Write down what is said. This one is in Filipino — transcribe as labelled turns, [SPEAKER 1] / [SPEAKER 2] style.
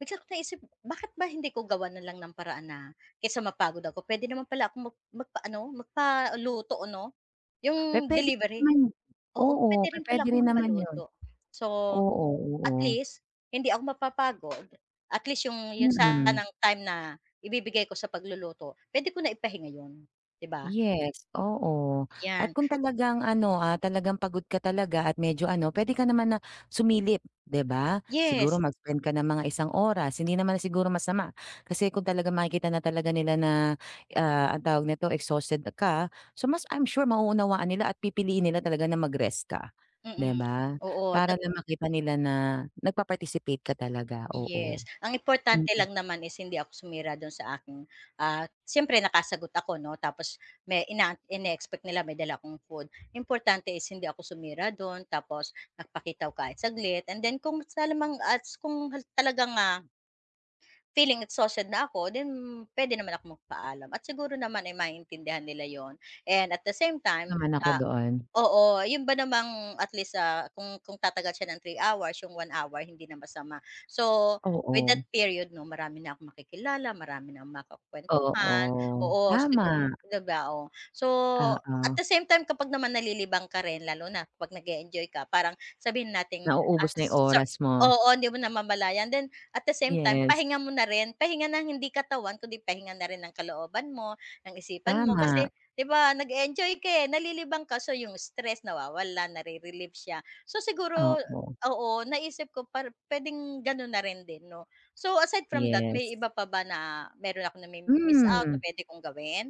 [SPEAKER 1] Bigla ko naisip bakit ba hindi ko gawan na lang ng paraan na, kaysa mapagod ako puwede naman pala akong mag magpa-ano magpaluto 'no? 'Yong
[SPEAKER 2] Pe-puwede
[SPEAKER 1] delivery,
[SPEAKER 2] naman 'yun,
[SPEAKER 1] oo
[SPEAKER 2] oo
[SPEAKER 1] puwede rin pala
[SPEAKER 2] pe-puwede
[SPEAKER 1] akong
[SPEAKER 2] rin naman 'yun.
[SPEAKER 1] magpaluto. So
[SPEAKER 2] Oo, oo.
[SPEAKER 1] at least hindi ako mapapagod at least 'yong 'yong
[SPEAKER 2] Mm.
[SPEAKER 1] sanang time na ibibigay ko sa pagluluto puwede ko na ipahinga 'yon, 'di ba?
[SPEAKER 2] Yes oo. At
[SPEAKER 1] Yan.
[SPEAKER 2] kung talagang ano, ah, talagang pagod ka talaga at medyo ano puwede ka naman na, sumilip 'di ba siguro
[SPEAKER 1] Yes.
[SPEAKER 2] mag-spend ka ng mga isang oras hindi naman siguro masama kasi kung talagang makikita na talaga nila na, ah, ang tawag nito exhausted ka. So mas I'm sure mauunawaan nila at pipiliin nila talaga na mag-rest ka,
[SPEAKER 1] Mm.
[SPEAKER 2] 'di ba?
[SPEAKER 1] Oo,
[SPEAKER 2] Para
[SPEAKER 1] tapo
[SPEAKER 2] lang makita nila na nag-pa-participate ka talaga, oo.
[SPEAKER 1] Yes ang importante
[SPEAKER 2] Mm.
[SPEAKER 1] lang naman is hindi ako sumira do'n sa aking ah, siyempre nakasagot ako 'no tapos may ina ineexpect nila may dala akong food importante is hindi ako sumira do'n tapos nagpakita ko kahit saglit and then kung sa lamang at kung ha talagang, ah Feeling exhausted na ako then puwede naman ako magpaalam at siguro naman ay maiintindihan nila 'yun and at the same
[SPEAKER 2] [unintelligible]
[SPEAKER 1] time
[SPEAKER 2] Naman ako
[SPEAKER 1] ah,
[SPEAKER 2] doon.
[SPEAKER 1] oo 'yun ba namang at least, ah, kung kung tatagal siya ng 3 hours yung 1 hour hindi na masama. So with that
[SPEAKER 2] Oo.
[SPEAKER 1] period 'no, marami na akong makikilala, marami na akong makakuwentuhan.
[SPEAKER 2] Oo,
[SPEAKER 1] Oo, sigu
[SPEAKER 2] tama.
[SPEAKER 1] 'di ba, oh, so
[SPEAKER 2] Oo.
[SPEAKER 1] at the same time kapag naman nalilibang ka rin lalo na kapag nag-e-enjoy ka parang sabihin nating, ah,
[SPEAKER 2] Nauubos na yung
[SPEAKER 1] so
[SPEAKER 2] oras mo.
[SPEAKER 1] oo hindi mo namamalayan then at the same time
[SPEAKER 2] Yes.
[SPEAKER 1] pahinga mo na rin, pahinga ng hindi katawan kundi pahinga na rin ng kalooban mo, ng isipan mo kasi
[SPEAKER 2] Tama.
[SPEAKER 1] 'di ba nag-e-enjoy ka, eh, nalilibang ka so 'yong stress nawawala na-re-relieve siya so siguro
[SPEAKER 2] Oo.
[SPEAKER 1] oo, naisip ko par puwedeng gano'n na rin din 'no. So aside from that
[SPEAKER 2] Yes.
[SPEAKER 1] may iba pa ba na mayro'n akong na-mi-miss out na
[SPEAKER 2] Mhm.
[SPEAKER 1] puwede kong gawin?